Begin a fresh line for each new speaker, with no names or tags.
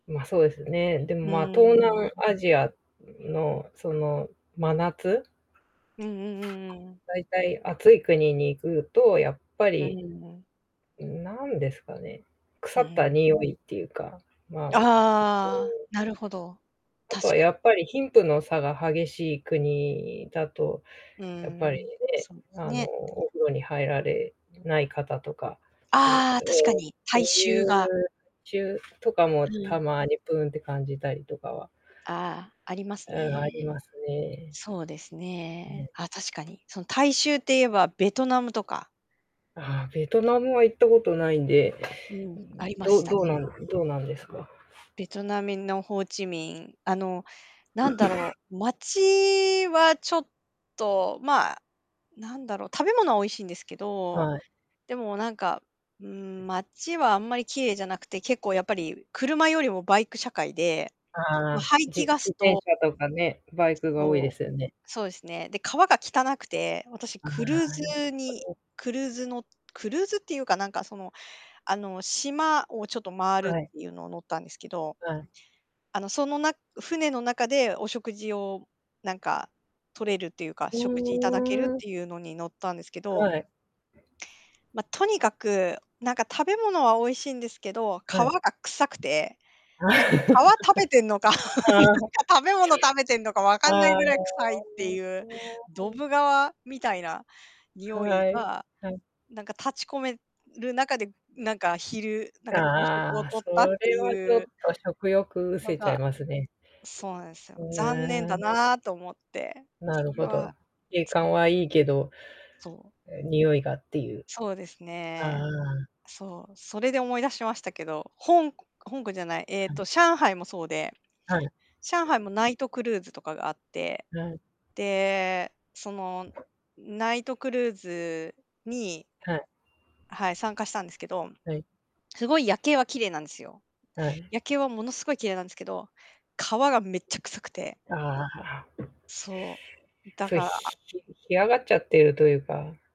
ま、そうですよね。でも、
う
ま、東
ーん。
南アジアのその真夏
うんうんうんうん。
大体暑い国に行くとやっぱ
う
り、
んう
んなんですかね、
う
腐った
ん。
匂いっていうか、まあ、
ああ、なるほど。
あと
確
は
かに。
やっぱり貧富の差が激しい国だと、
う
やっぱり
ん、
ね、
そうです
あの、
ね。
お風呂に入られない方とか、そう、う
ああ、確か
う
に。
そう
体
い
臭
う
が。
ちゅうとかも、
う
た
ん。
まにぷーんって感じたりとかは
ああ、あります
うん、あり
ね。
ますね。
そうです
う
ね。
ん。
あ、確かに。その体臭って言えば、ベトナムとか。
あ、ベトナムは行ったことないんで、
うん、ありま
ど
した
どう
ね。
なんどうなんですか？
ベトナムのホーチミンあの、なんだ ろう、町はちょっと、まあ、なんだろう、食べ物は美味しいんですけど、
はい。
でもなんか、うーん、街はあんまり綺麗じゃなくて、結構やっぱり車より もバイク社会で。
あ
ま、
あ、
排
じ
気ガ
自
ス
転
と
車とかね、バイクが多い
そ
で
う。
すよね。
そうですね。で、川が汚くて、私
あ
クルー
あ、
ズに クルーズのクルーズっていうか、なんかその、あの、島をちょっと回るっ
は
て
い。
いうのを乗ったんですけど。
うん。
あの、そのな船の中でお食事をなんか取れるっていうか、
ふ
食事いただけるっ
ーん。
ていうのに乗ったんですけど。
はい。
ま、とにかく、なんか食べ物は美味しいんですけど、
はい。
川が臭くて、なんか川食べてんのか、なん
ああ。
か食べ物食べてんのか分かんない
ああ。
ぐらい臭いっていう。ど ぶ川みたいな匂い
はい、
が、
はい。
なんか立ち込める中で、なんか昼なんか朝食を
ああ、
取っ
そ
たって
れはち
い
ょ
う
っと食欲失
の
せちゃい
が、
ますね。
そうなんですよ。
う
残念
ー
だ
ん。
なと思って。
な
そ
る
れ
ほど。
は、
景
そ
観
う。
はいいけど、
そう。
あ、匂いがっていう。
そうですね。
ああ。
そう、それで思い出しましたけど、ほんこ香港じゃない、えっと、上海もそうで。
はい。
上海もナイトクルーズとかがあって、
はい。
で、その、ナイトクルーズに
はい。
はい、参加したんですけど、
はい。
すごい夜景は綺麗なんですよ。
はい。
夜景はものすごい綺麗なんですけど、川がめっちゃ臭くて。
ああ。
そう、だ
そう
か
ひ
ら
干上がっちゃってるというか。